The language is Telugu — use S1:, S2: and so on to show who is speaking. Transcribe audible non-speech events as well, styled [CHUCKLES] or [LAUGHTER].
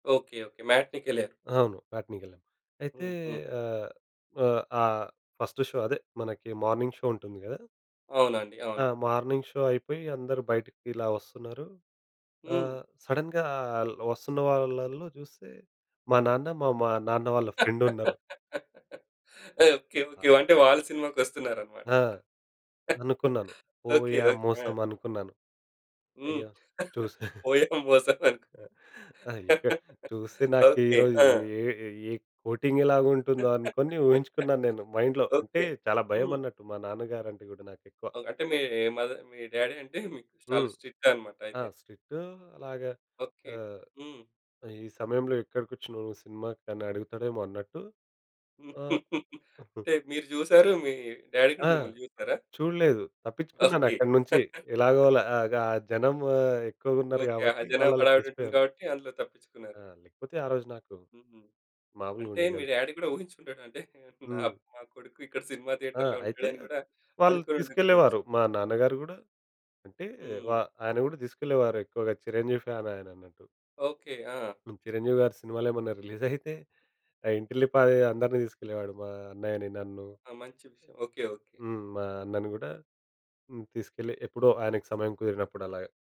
S1: ఓకే. ఓకే. మ్యాట్నికెళ్లారు.
S2: అవును మ్యాట్నికెళ్ళాను. అయితే
S1: హుహు.
S2: ఆహ్, వ ఆహ్, ఫస్ట్ షో అదే మనకి మార్నింగ్ షో ఉంటుంది గదా!
S1: అవునండి.
S2: ఆ!
S1: అవును.
S2: మార్నింగ్ షో అయిపోయి అందరూ బయటకిలా వస్తున్నారు.
S1: హ్మ్.
S2: ఆహ్, సడెన్‌గా ఆ ల్ వస్తున్న వాళ్ళలో చూస్తే మా నాన్న, మా మా నాన్న వాళ్ళ ఫ్రెండ్ ఉన్నరు.
S1: [LAUGHS] ఓకే. ఓకే. అంటే వాళ్ళు సినిమాకొస్తున్నారన్నమాట!
S2: ఆ! అనుకున్నాను.
S1: [LAUGHS] ఓకే.
S2: పోయాం
S1: ఓకే. ఆ!
S2: మోసం అనుకున్నాను.
S1: హ్మ్.
S2: అయ్యో! చూసా. [CHUCKLES]
S1: పోయాం మోసం అనుకు
S2: ఐతే చూస్తే
S1: [LAUGHS]
S2: నాకు ఈ
S1: ఓకే.
S2: రోజు
S1: ఆ!
S2: యే యే కోటింగెలాగుంటుందో అనుకోని ఊహించుకున్నాను నేను మైండ్‌లో. అంటే
S1: ఓకే.
S2: చాలా భయం
S1: హ్మ్.
S2: అన్నట్టు మా నాన్న గారు అంటే గూడ నాకెక్కువ.
S1: ఓహ్! అంటే మీ మద మీ డ్యాడీ అంటే మీకు చాలా
S2: హ్మ్.
S1: స్ట్రిక్ట్ అన్నమాట
S2: ఆ!
S1: అయితే.
S2: స్ట్రిక్ట్. అలాగా
S1: ఓకే.
S2: ఆహ్.
S1: హ్మ్.
S2: ఈ సమయంలో ఎక్కడికొచ్చినవు సినిమాకనడుగుతడేమో అన్నట్టు.
S1: [LAUGHS]
S2: ఆహ్.
S1: అంటే మీరు చూసారు. మీ డ్యాడీ గూడా
S2: ఆ!
S1: మిమ్మల్ని చూసారా?
S2: చూడలేదు. తప్పిచ్చుకున్నాను
S1: ఓకే.
S2: అక్కడ్నుంచి
S1: [LAUGHS]
S2: ఎలాగోలాగా ఆ గ జనం ఎక్కువగ ఉన్నారు
S1: ఓకే ఆహా!
S2: కాబట్టి
S1: జనం
S2: వాళ్ళలో
S1: హడావిడి ఉంటుంది
S2: కలిసిపోయాను.
S1: కాబట్టి అందులో తప్పిచ్చుకున్నారు.
S2: ఆ! లేకపోతే ఆరోజు నాకు,
S1: హుహు. అంటే
S2: మాములుగుండేది
S1: మీ
S2: కాదు.
S1: డ్యాడీ గూడా ఉహించుండడు అంటే నా
S2: హ్మ్.
S1: మా కొడుకు ఇక్కడ సినిమా
S2: ఆ!
S1: థియేటర్‌లో
S2: అయితే
S1: ఉంటాడని గూడా
S2: వాళ్ళు
S1: అనుకోని ఉండకపోవచ్చు.
S2: తీసుకెళ్ళేవారు మా నాన్నగారు గూడా. అంటే వ
S1: హ్మ్.
S2: ఆయన కూడా తీసుకెళ్ళేవారెక్కువగా చిరంజీవి ఫ్యాన్ ఆయనన్నట్టు.
S1: ఓకే. ఆ!
S2: చిరంజీవి గారి సినిమాలేమన్నా రిలీజ్ [GIGGLES] అయితే, ఆ ఇంటిల్లిపాది అందరిని తీసుకెళ్ళేవాడు మా అన్నయ్యని, నన్ను.
S1: ఆ! మంచి విషయం. ఓకే. ఓకే.
S2: హ్మ్, మా అన్నను గూడా. హ్మ్ తీసుకెళ్ళి ఎప్పుడో ఆయనకు సమయం కుదిరినప్పుడలాగ.